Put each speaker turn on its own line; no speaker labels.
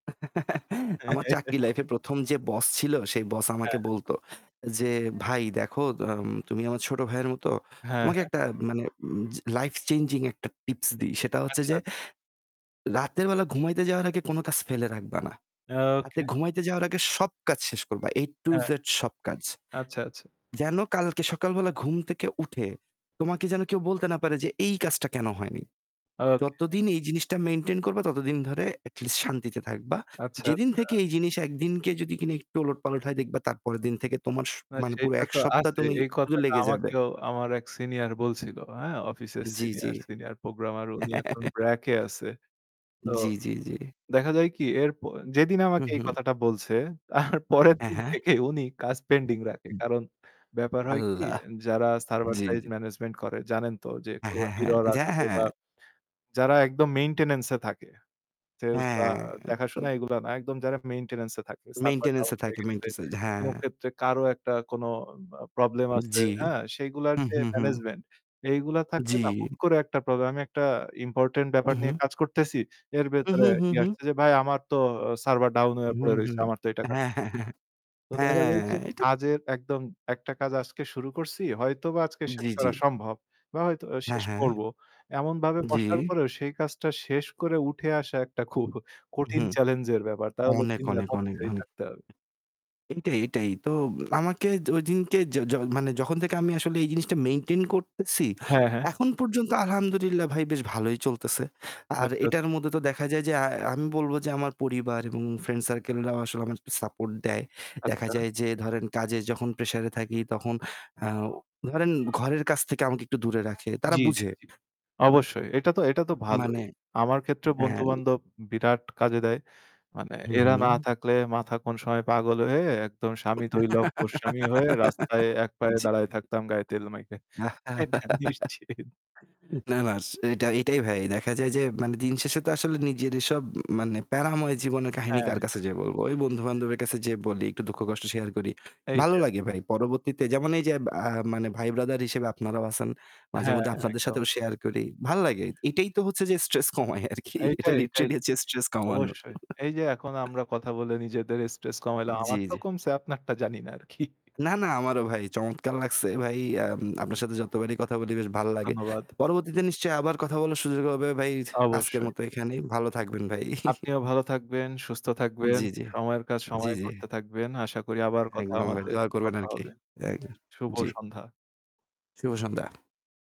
আমার চাকরি লাইফে ১ম যে বস ছিল সেই বস আমাকে
হ্যা।
বলতো যে, "ভাই দেখো, দেম তুমি আমার ছোট ভাইয়ের মত।
হ্যাঁ।
তোমাকে
হ্যাঁ।
একটা মানে উম চে life changing একটা tips দিই। সেটা হচ্ছে
আচ্ছা,
যে
আচ্ছা।
রাতের বেলা ঘুমাইতে যাওয়ার আগে কোন কাজ ফেলে রাখবা না। রাতে
ওকে।
ঘুমাইতে যাওয়ার আগে সব কাজ শেষ করবা A to
হ্যাঁ।
Z সব কাজ।
আচ্ছা, আচ্ছা।
যেন কালকে সকালবেলা ঘুম থেকে উঠে তোমাকে যেন কেউ বলতে না পারে যে, 'এই কাজটা কেন হয়নি?'
ওকে।
যতদিন এই জিনিসটা maintain করবা ততদিন ধরে at least শান্তিতে থাকবা।
আচ্ছা,
যেদিন
আচ্ছা।
থেকে এই জিনিস একদিনকে যদি কি না একটু ওলটপালট হয় দেখবা তারপরের দিন থেকে তোমার স
না,
মানে পুরো
সেটা
১
তো
সপ্তাহ
আছে।
তুমি
এই
উ
কথাটা
লেগে যাবে।"
আমাকেও আমার এক senior বলছিল, হ্যাঁ? অফিসের
জি, জি।
senior senior programmer। উনি এখন BRAC এ আছে। তো
জি, জি, জি।
দেখা যায় কি? এরপর যেদিন
হু,
আমাকে এই
হু।
কথাটা বলছে তারপরের
হ্যা,
দিন
হ্যা।
থেকেই উনি কাজ pending রাখে।
[unintelligible]
কারণ, ব্যাপার হয় কি?
আল্লাহ!
যারা server
জি,
side
জি।
management করে জানেন তো যে
হ্যাঁ,
কোনো
হ্যাঁ, হ্যাঁ।
error
যে
আসবে
হ্যাঁ।
বা যারা একদম maintenance এ থাকে। Sales বা
হ্যাঁ। এটা তো
দেখাশোনা এগুলা না, একদম যারা maintenance এ থাকে। Server
Maintenance
down
এ
হয়ে
থাকে।
গেছে,
মেইন্টেন্স
কোন
হ্যাঁ।
ক্ষেত্রে কারো একটা কোনো বা প্রব্লেম আছে,
জি।
হ্যাঁ? সেইগুলার
হু,
যে
হু, হু।
management, এইগুলা থাকলে না
জি।
হুট করে একটা প্রব্লেম আমি একটা important ব্যাপার
হু,
নিয়ে
হু।
কাজ করতেছি, এর
হু,
ভেতরে
হু, হু,
ইয়ে
হু।
আসছে যে, "ভাই, আমার তো অ server down
হু,
হয়ে পড়ে
হু।
রইছে। আমার তো এটা কাজ
হ্যাঁ, হ্যাঁ, হ্যাঁ।
তো দেখা যায় যে
হ্যাঁ। এটা
কাজের একদম একটা কাজ আজকে শুরু করছি, হয়তোবা আজকে শেষ
জি, জি।
করা সম্ভব বা হয়তো
হ্যাঁ,
শেষ
হ্যাঁ।
করবো। এমনভাবে বসার
জি।
পরেও সেই কাজটা শেষ করে উঠে আসা একটা খুব
উ
কঠিন
হুম।
চ্যালেঞ্জের ব্যাপার। তাহলে
অনেক,
দিন রাত
অনেক, অনেক,
অফিসেই
অনেক।
থাকতে হবে।
এইটাই, এইটাই। তোব আমাকে ওইদিনকে য য মানে যখন থেকে আমি আসলে এই জিনিসটা maintain করতেছি
হ্যাঁ, হ্যাঁ।
এখন পর্যন্ত আলহামদুলিল্লাহ ভাই বেশ ভালোই চলতেছে। আর
আচ্ছা।
এটার মধ্যে তো দেখা যায় যে আ আমি বলবো যে আমার পরিবার এবং friend circle রাও আসলে আমাকে support দেয়। দেখা
আচ্ছা।
যায় যে ধরেন কাজে যখন pressure এ থাকি তখন আ ধরেন ঘরের কাজ থেকে আমাকে একটু দূরে রাখে। তারা
জি, জি,
বুঝে।
জি। অবশ্যই। এটা তো এটা তো
উ
ভালোই।
মানে
আমার ক্ষেত্রেও
হ্যাঁ।
বন্ধু-বান্ধব বিরাট কাজে দেয়। মানে
হু,
এরা না
হু।
থাকলে মাথা কোন সময় পাগল হয়ে একদম স্বামী থৈ লম্পট স্বামী হয়ে রাস্তায় এক পায়ে
জি।
দাঁড়ায় থাকতাম গায়ে তেল মেখে। এটা নিশ্চিত।
না, না। এস এইটা এইটাই ভাই। দেখা যায় যে মানে দিনশেষে তো আসলে নিজেরই সব মানে প্যারাময় জীবনের কাহিনী
হ্যাঁ।
কার কাছে যে বলবো? ওই বন্ধু-বান্ধবের কাছে যেয়ে বলি, একটু দুঃখ-কষ্ট share করি। ভালো
এইটাই।
লাগে ভাই। পরবর্তীতে যেমন এইযে আ মানে ভাই ব্রাদার হিসেবে আপনারাও আছেন।
হ্যাঁ,
মাঝেমধ্যে
হ্যাঁ।
আপনাদের
একদম।
সাথেও share করি। ভাল লাগে।
অবশ্যই।
এইটাই তো হচ্ছে যে stress কমায় আরকি। এটা
এইটাই এইটাই
literally হচ্ছে
ঠিক।
stress কমানো।
অবশ্যই। এইযে এখন আমরা কথা বলে নিজেদের stress কমাইলাম। আমার
জি,
তো
জি।
কমছে, আপনারটা জানিনা আরকি।
না, না, আমারও ভাই চমৎকার লাগছে ভাই। আম আপনার সাথে যতবারই কথা বলি বেশ ভাল লাগে।
ধন্যবাদ।
পরবর্তীতে নিশ্চয়ই আবার কথা বলার সুযোগ হবে ভাই। আজকের
অবশ্যই।
মতো এখানেই। ভালো থাকবেন ভাই।
আপনিও ভালো থাকবেন, সুস্থ থাকবেন।
জি, জি।
সময়ের কাজ
জি,
সময়ে
জি।
করতে থাকবেন। আশা করি আবার কথা
একদম ভাই,
আমাদের
দোয়া করবেন
কথা
আরকি।
হবে।
এক
শুভ
জি।
সন্ধ্যা।
শুভ সন্ধ্যা।